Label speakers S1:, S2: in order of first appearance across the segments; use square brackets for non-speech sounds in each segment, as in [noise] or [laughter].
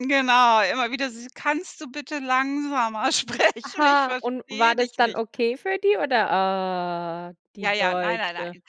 S1: Genau, immer wieder dieses: „Kannst du bitte langsamer sprechen? Ich
S2: Aha. Und
S1: verstehe
S2: war das
S1: dich
S2: dann
S1: nicht.“
S2: okay für die oder? Ah,
S1: Ja,
S2: die
S1: ja, nein, nein,
S2: Deutsche.
S1: nein.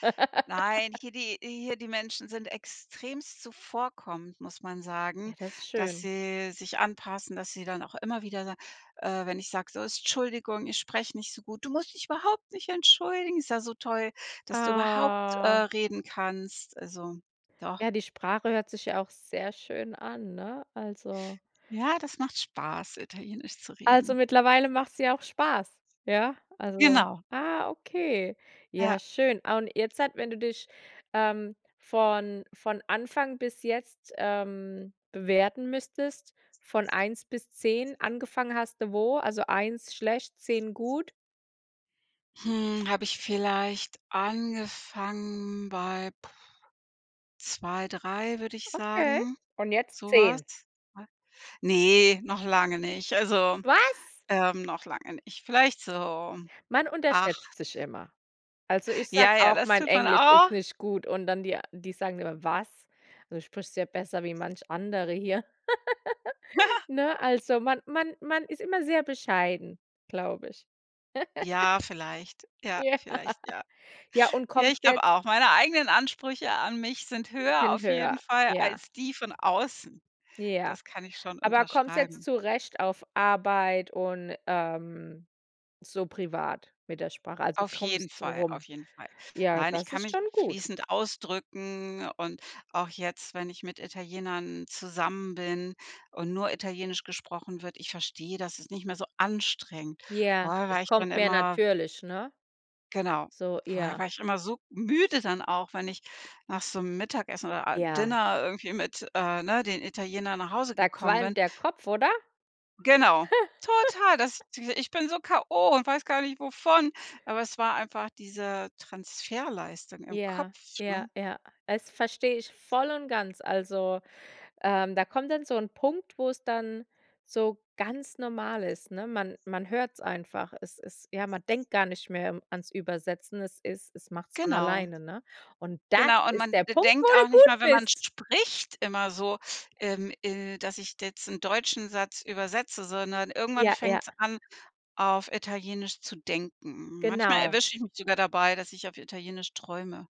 S1: Nein.
S2: [laughs]
S1: Hier die hier die Menschen sind extremst zuvorkommend, muss man sagen,
S2: Ja, das ist
S1: dass
S2: schön.
S1: sie sich anpassen, dass sie dann auch immer wieder sagen äh, wenn ich sage, so: „Tschuldigung, ich spreche nicht so gut. Du musst dich überhaupt nicht entschuldigen. Ist ja so toll, dass du überhaupt, äh,
S2: Ah.
S1: reden kannst.“ Also, doch.
S2: Ja, die Sprache hört sich ja auch sehr schön an, ne? Also
S1: Ja, das macht Spaß, Italienisch zu
S2: Also,
S1: reden.
S2: mittlerweile machts dir auch Spaß, ja? Also
S1: Genau.
S2: ah, okay,
S1: Ja.
S2: ja, schön. Ah. Und jetzt halt, wenn du dich, ähm, von von Anfang bis jetzt, ähm, bewerten müsstest, von 1 bis 10, angefangen hast du wo, also 1 schlecht, 10 gut.
S1: Hm. Habe ich vielleicht angefangen bei 2, 3, würde ich
S2: Okay.
S1: sagen,
S2: Und jetzt
S1: so was?
S2: 10?
S1: [unintelligible] Ne, noch lange nicht. Also,
S2: Was?
S1: ähm, noch lange nicht. Vielleicht so,
S2: Man unterschätzt
S1: 8.
S2: sich immer. Also, ich sage
S1: Ja, ja,
S2: auch,
S1: das
S2: mein
S1: tut man
S2: Englisch ist
S1: auch.
S2: nicht gut und dann die a die sagen immer: „Was? Also, du sprichst ja besser wie manch andere hier." [giggles]
S1: [giggles]
S2: Ne, also man man man ist immer sehr bescheiden, glaube ich. [chuckles]
S1: Ja, vielleicht, ja,
S2: Ja.
S1: vielleicht, ja.
S2: Ja, und
S1: Ja, ich
S2: kommst du jetzt
S1: glaube auch. Meine eigenen Ansprüche an mich sind
S2: 'n
S1: höher
S2: bisschen
S1: auf jeden
S2: höher,
S1: Fall
S2: ja.
S1: als die von außen.
S2: Ja.
S1: Das kann ich schon
S2: Aber kommst du jetzt
S1: unterschreiben.
S2: zurecht auf Arbeit und, ähm, so privat mit der Sprache? Also,
S1: Auf jeden
S2: kommst so
S1: Fall, auf
S2: rum?
S1: jeden Fall.
S2: Ja,
S1: Nein, ich
S2: das
S1: kann
S2: ist
S1: mich
S2: schon gut.
S1: fließend ausdrücken und auch jetzt, wenn ich mit Italienern zusammen bin und nur Italienisch gesprochen wird, ich verstehe das, dass ist nicht mehr so anstrengend.
S2: Ja,
S1: Vorher war
S2: es
S1: echt dann
S2: kommt mehr
S1: immer
S2: natürlich, ne?
S1: Genau.
S2: So
S1: Vorher
S2: ja.
S1: war ich immer so müde dann auch, wenn ich nach so 'nem Mittagessen oder, a
S2: Ja.
S1: Dinner irgendwie mit, äh, ne, den Italienern nach Hause
S2: Da
S1: gekommen bin
S2: qualmt der Kopf, oder?
S1: Genau.
S2: [giggles]
S1: Total, das diese ich bin so k.o. und weiß gar nicht wovon, aber es war einfach diese Transferleistung im
S2: Ja.
S1: Kopf,
S2: Ja,
S1: ne?
S2: ja. Das verstehe ich voll und ganz. Also, ähm, da kommt dann so 'n Punkt, wo es dann so ganz normal ist, ne? Man man hört es einfach. Es ist ja, man denkt gar nicht mehr ans Übersetzen. Es ist es machts von
S1: Genau.
S2: alleine, ne? Und das
S1: Genau. Und
S2: ist
S1: man
S2: der
S1: de
S2: Punkt, wo
S1: denkt auch
S2: du
S1: nicht mal,
S2: gut
S1: wenn man
S2: bist.
S1: spricht immer so, ähm, äh, dass ich jetzt 'n deutschen Satz übersetze, sondern irgendwann
S2: Ja, ja.
S1: fängts an, auf Italienisch zu denken. Manchmal
S2: Genau.
S1: erwische ich mich sogar dabei, dass ich auf Italienisch träume.